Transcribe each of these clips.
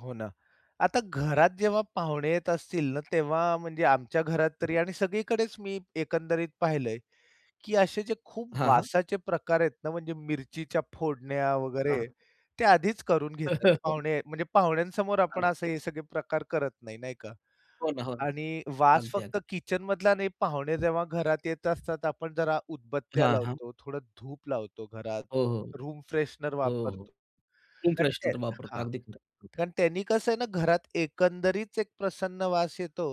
हो ना. आता घरात जेव्हा पाहुणे येत असतील ना तेव्हा म्हणजे आमच्या घरात हं. तरी आणि सगळीकडेच मी एकंदरीत पाहिलंय, की असे जे खूप हां, हां. वासाचे प्रकार आहेत ना म्हणजे मिरचीच्या फोडण्या हं. वगैरे ते आधीच करून घेतात. पाहुणे म्हणजे पाहुण्यांसमोर हं, आपण असे ते. हे सगळे प्रकार करत नाही, नाही का? होना, हो. आणि वास अगदी, अगदी. फक्त किचन मधला नाही पाहुणे जेव्हा घरात येत असतात. आपण जरा उदबत्त्या हां, हां. लावतो, थोडं धूप लावतो घरात, हो, हो, हो. रूम फ्रेशनर हो, हो. वापरतो. रूम फ्रेशनर [unintelligible] पण वापरता. हां. अगदी खरं, हं. कारण त्यांनी कसं आहे ना घरात एकंदरीच एक प्रसन्न वास येतो.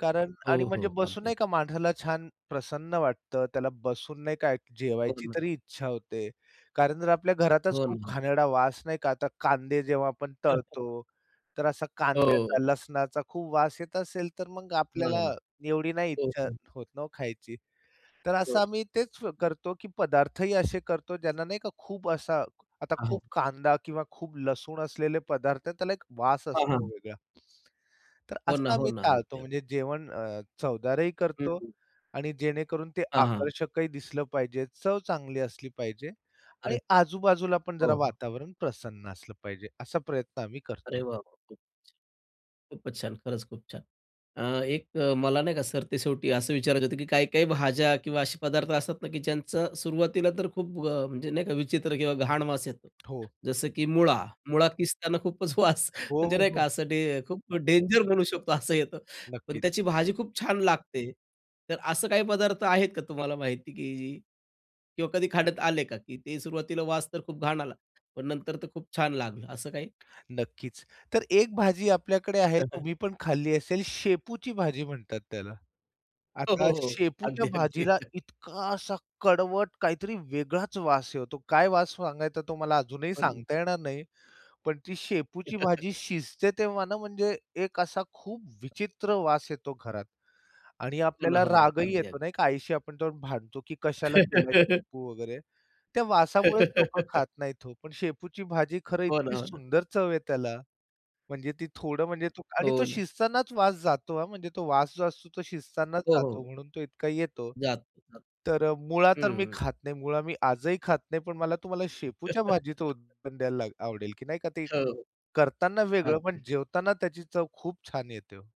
कारण आणि हो, हो. म्हणजे बसून अगदी. अग नाही का माणसाला छान प्रसन्न वाटतं. त्याला बसून नाही का एक हो जेवायची ना. तरी इच्छा होते. कारण जर आपल्या घरातच हो खूप ना. घाणेरडा वास नाही का, आता कांदे जेव्हा आपण तळतो तर असा कांद्याचा, हो. लसणाचा खूप वास येत असेल, तर मग हो आपल्याला ना. एवढी नाही हो, इच्छा हं. होत ना वो खायची. तर तर. असं आम्ही तेच करतो की पदार्थही असे करतो ज्यांना नाही का खूप असा आता हां, खूप हां. कांदा किंवा खूप लसूण असलेले पदार्थ आहेत त्याला एक वास हां, हां, असतो हां. वेगळा. तर हो ना, असं हो आम्ही ना. टाळतो. अगदी, अगदी. म्हणजे जेवण अ, चवदारही हं, करतो हं. आणि जेणेकरून ते हां, हां. आकर्षकही दिसलं पाहिजे, चव चांगली असली पाहिजे अरे! आणि आजूबाजूला पण जरा हो, हो. वातावरण प्रसन्न असलं पाहिजे. असा प्रयत्न आम्ही अरे करतो. वाह! वाह! खूपचं छान, खूपचं छान. खरंच खूप छान. अ, एक मला नाही का? सरते शेवटी असं विचारायचं होतं की काही, काही भाज्या किंवा असे पदार्थ असतात ना की ज्यांचं सुरुवातीला तर खूप अ, म्हणजे नाही का विचित्र किंवा घाण वास येतो. हो. जसं की मुळा. मुळा किस्ताना खूपच वास हो, म्हणजे हो, नाही का हो. असं डें खूप डेंजर म्हणू शकतो असं येतं. पण नक्की. त्याची भाजी खूप छान लागते. तर असं काही पदार्थ आहेत का तुम्हाला माहिती की किंवा कधी खाण्यात आले का? की ते सुरुवातीला वास तर खूप घाण आला, पण नंतर तर खूप छान लागलं असं काही? नक्कीच. तर एक भाजी आपल्याकडे आहे हं, हं. तुम्ही पण खाल्ली असेल, शेपूची भाजी म्हणतात त्याला. हो, आता हो, हो. शेपूच्या अगदी, अगदी. भाजीला इतका असा कडवट काहीतरी वेगळाच वास येतो, काय वास सांगायचा तो? मला अजूनही पण सांगता येणार नाही, पण ती शेपूची भाजी शिजते तेव्हा ना म्हणजे एक असा खूप विचित्र वास येतो घरात आणि हो ना, आपल्याला हो ना. रागही अगदी, येतो अगदी. नाही का? आईशी आपण जाऊन भांडतो की "कशाला केलाय शेपू वगैरे?" त्या वासामुळेच लोकं खात नाहीत हो. पण शेपूची भाजी खरं हो ना, इतकी हो ना. सुंदर चव आहे त्याला. म्हणजे ती थोडं म्हणजे तो आणि हो तो ना. शिजतानाच वास जातो हां. म्हणजे तो वास जो असतो तो शिजतानाच हो, जातो हो. म्हणून तो इतका येतो. जात. हं, तर मुळा तर मी हं. खात नाही. मुळा मी आजही खात नाही पण मला तुम्हाला शेपूच्या भाजीचं उदाहरण द्यायला आवडेल की नाही का? ते हो, करतांना वेगळं, पण अगदी. जेवताना त्याची चव खूप छान येते हो.